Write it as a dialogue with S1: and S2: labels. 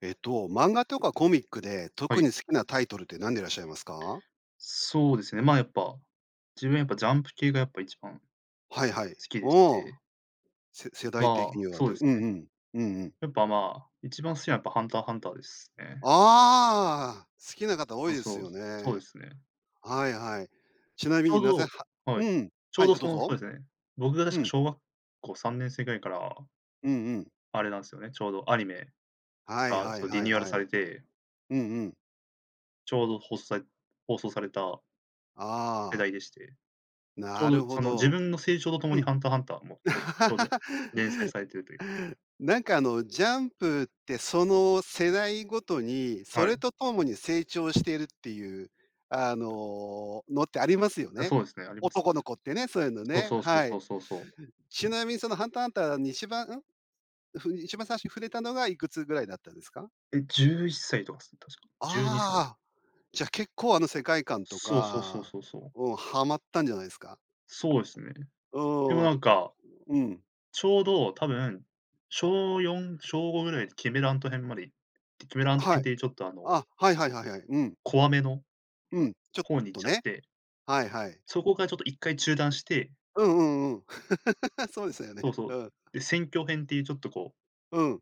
S1: えっと、漫画とかコミックで
S2: は
S1: 特
S2: い。
S1: に好きなタイトルって、なんでいらっしゃいますか？
S2: そうですね、まあ、やっぱ、自分はやっぱ、ジャンプ系がやっぱ一番好
S1: はいはい。
S2: きで
S1: う
S2: し
S1: ーん。
S2: て。
S1: せ世代的
S2: ま
S1: に
S2: あ、
S1: はっ
S2: そう
S1: てう
S2: です
S1: ん
S2: ね。
S1: うん、うんうん。
S2: やっぱ、まあ、一番好きなのはやっぱハンターハンターですね。
S1: ああ、好きな方多い
S2: あ、
S1: です
S2: そう、
S1: よ
S2: そうで
S1: ね。
S2: すね。
S1: はいはい。ちな
S2: ち
S1: み
S2: ょ
S1: に
S2: う
S1: なぜ、ハ
S2: どはい。
S1: うん、
S2: ちょ
S1: は
S2: う
S1: い、
S2: ど、
S1: あ、
S2: そ
S1: どう
S2: の、そう
S1: ぞ。
S2: ですね、僕が
S1: う
S2: 確か
S1: ん。
S2: 小学校3年生ぐらいから
S1: うんうん。
S2: あれなんすよね、ちょうどアニメ
S1: はい
S2: あ、
S1: はい
S2: そう、リ
S1: はい
S2: ニューアル
S1: はい。
S2: されて
S1: うんうん。
S2: ちょうどほさい放送された
S1: あ
S2: 世
S1: あ。
S2: 代でして。ちょ
S1: な
S2: う
S1: る
S2: ど、
S1: ほ
S2: その、自
S1: ど、
S2: 分の成長ととも
S1: う
S2: に
S1: ん。
S2: ハンターハンターもちょちょうど 連載されているという。
S1: なんか、あの、ジャンプって、その世代ごとに、そ
S2: は
S1: れ
S2: い。
S1: とともに成長しているっていう、あののってありますよ
S2: あ、
S1: ね。
S2: そうですね、あります
S1: 男の
S2: ね。
S1: 子ってね、そういうの
S2: そう
S1: ね。
S2: そうそう
S1: は
S2: そ
S1: い。
S2: うそうそう。
S1: ちなみにそのハンターハンターに1番ん？ふに一番最初に触れたのが、いくつぐらいだったんですか？
S2: え、11歳とかすね、確か。12歳と。
S1: ああ、じゃ、結構、あの、世界観と
S2: そうそうそう
S1: か
S2: そうそう。
S1: うん、はまったんじゃないんすか？
S2: そうですね。
S1: う
S2: でも、
S1: ーん、
S2: なん
S1: とく
S2: か、
S1: うん。
S2: ちょうど、多分、小4、小5ぐらいでキメラアント編までキメラアント
S1: は
S2: 編
S1: い。
S2: ってちょっと、あの
S1: あ、はいはいはいはい。うん。
S2: 怖めの
S1: うん、ちょっ
S2: 方に行っ
S1: と
S2: ちゃっ
S1: ね。
S2: て。
S1: はいはい。
S2: そこがちょっと1回中断して。
S1: うんうんうん。そうですよ
S2: そ
S1: ね。
S2: うそ
S1: う
S2: う、
S1: ん。
S2: で、選挙編っていう、ちょっと、こう
S1: うん。